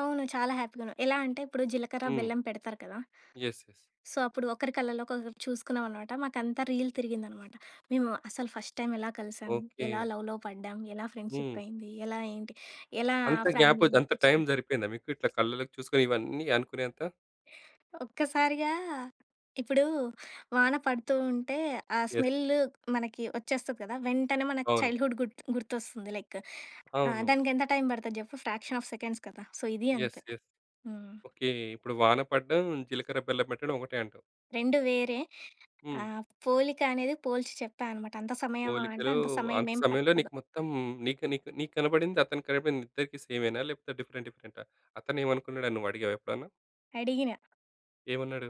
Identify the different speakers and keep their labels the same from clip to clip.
Speaker 1: అవును. చాలా హ్యాపీగా ఉన్నా. ఎలా అంటే ఇప్పుడు జీలకర్ర
Speaker 2: హ్మ్.
Speaker 1: బెల్లం పెడతారు కదా!
Speaker 2: యెస్. యెస్.
Speaker 1: సో, అప్పుడు ఒకరి కళ్ళలో చూసుకున్నాం అన్నమాట. మాకు అంతా రీల్ తిరిగిందన్నమాట .మేము అసలు ఫస్ట్ టైమ్ ఎలా కలిసాం? ఎలా
Speaker 2: ఓకే.
Speaker 1: లవ్‌లో పడ్డాం? ఎలా
Speaker 2: హ్మ్.
Speaker 1: ఫ్రెండ్‌షిప్ అయింది? ఎలా ఏంటి ఎలా
Speaker 2: అంత గ్యాప్ అయితే అంత
Speaker 1: ఫ్యామిలీనొప్పించాం?
Speaker 2: టైమ్ సరిపోయిందా మీకు ఇట్లా కళ్ళలోకి చూసుకొని ఇవన్నీ అనుకునేంత?
Speaker 1: ఒక్కసారిగా ఇప్పుడు వాన పడుతూ ఉంటే ఆ
Speaker 2: యెస్.
Speaker 1: స్మెల్లు మనకు వచ్చేస్తది కదా! వెంటనే మనకు
Speaker 2: అవును.
Speaker 1: చైల్డ్‌హుడ్ గుర్తు గుర్తొస్తుంది. లైక్ ఆహ్,
Speaker 2: అవును.
Speaker 1: దానికెంత టైమ్ పడతది చెప్పు ఫ్రాక్షన్ ఆఫ్ సెకండ్స్ కదా! సో, ఇది
Speaker 2: యెస్.
Speaker 1: అంతే.
Speaker 2: యెస్.
Speaker 1: హ్మ్.
Speaker 2: ఓకే. ఇప్పుడు వాన పడ్డం, జీలకర్ర బెల్లం పెట్టడం ఒకటే అంటావు?
Speaker 1: రెండు వేరే.
Speaker 2: హ్మ్.
Speaker 1: ఆహ్, పోలిక అనేది పోల్చి చెప్పా అనమాట. అంత సమయమా? అంటే
Speaker 2: పోలికలు
Speaker 1: అంత సమయం
Speaker 2: అంత
Speaker 1: ఏం
Speaker 2: సమయంలో
Speaker 1: పట్టదు.
Speaker 2: నీకు మొత్తం నీకు నీకు నీకనపడింది అతను కనపడింది ఇద్దరికీ సేమ్ ఏనా? లేకపోతే డిఫరెంట్ డిఫరెంట్ ఆ? అతనేమనుకున్నాడని నువ్వు అడిగావా ఎప్పుడన్నా?
Speaker 1: అడిగిన.
Speaker 2: ఏమన్నాడు?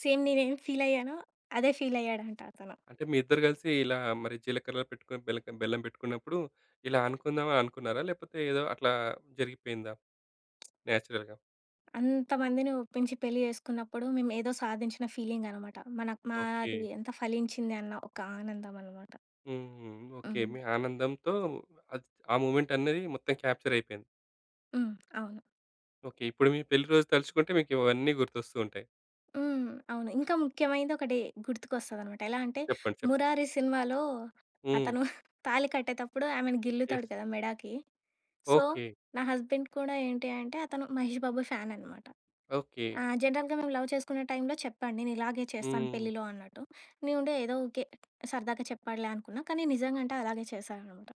Speaker 1: సేమ్ నేనేమ్ ఫీల్ అయ్యానో అదే ఫీల్ అయ్యాడంట అతను.
Speaker 2: అంటే మీ ఇద్దరు కలిసి ఇలా మరి జీలకర్రలు పెట్టుకొని బెల్లక బెల్లం పెట్టుకున్నప్పుడు ఇలా అనుకుందాం అననుకున్నారా? లేకపోతే ఏదో అట్లా జరిగిపోయిందా? నేచురల్‌గా.
Speaker 1: అంతమందిని ఒప్పించి పెళ్లి చేసుకున్నప్పుడు మేమేదో సాధించిన ఫీలింగ్ అనమాట. మనకు మాది
Speaker 2: ఓకే.
Speaker 1: ఎంత ఫలించింది అన్న ఒక ఆనందం అన్నమాట.
Speaker 2: హుహు. ఓకే.
Speaker 1: హ్మ్.
Speaker 2: మీ ఆనందంతో ఆద్ ఆ మొమెంట్ అనేది మొత్తం క్యాప్చర్ అయిపోయింది.
Speaker 1: హ్మ్. అవును.
Speaker 2: ఓకే. ఇప్పుడు మీ పెళ్లి రోజు తలుచుకుంటే మీకు ఇవన్నీ గుర్తొస్తూ ఉంటాయి.
Speaker 1: హ్మ్. అవును. ఇంకా ముఖ్యమైనది ఒకటి గుర్తుకొస్తదన్నమాట. ఎలా అంటే
Speaker 2: చెప్పండి. చెప్పండి.
Speaker 1: 'మురారి' సినిమాలో
Speaker 2: హ్మ్.
Speaker 1: అతను తాళి కట్టేటప్పుడు ఆమెని
Speaker 2: యెస్.
Speaker 1: గిల్లుతాడు కదా! మెడాకి. So,
Speaker 2: okay.
Speaker 1: నా హస్బెండ్ కూడా ఏంటి అంటే అతను 'మహేష్ బాబు' ఫాన్ అన్నమాట.
Speaker 2: ఓకే.
Speaker 1: ఆ! జనరల్‌గా మేము లవ్ చేసుకునే టైమ్‌లో చెప్పాడు. నేను ఇలాగే చేస్తాను
Speaker 2: హ్మ్.
Speaker 1: పెళ్లిలో అన్నట్టు. నేనుండి ఏదో ఊకె సరదాగా చెప్పాడులే అనుకున్నా. కానీ నిజంగా అంటే అలాగే చేశాడన్నమాట.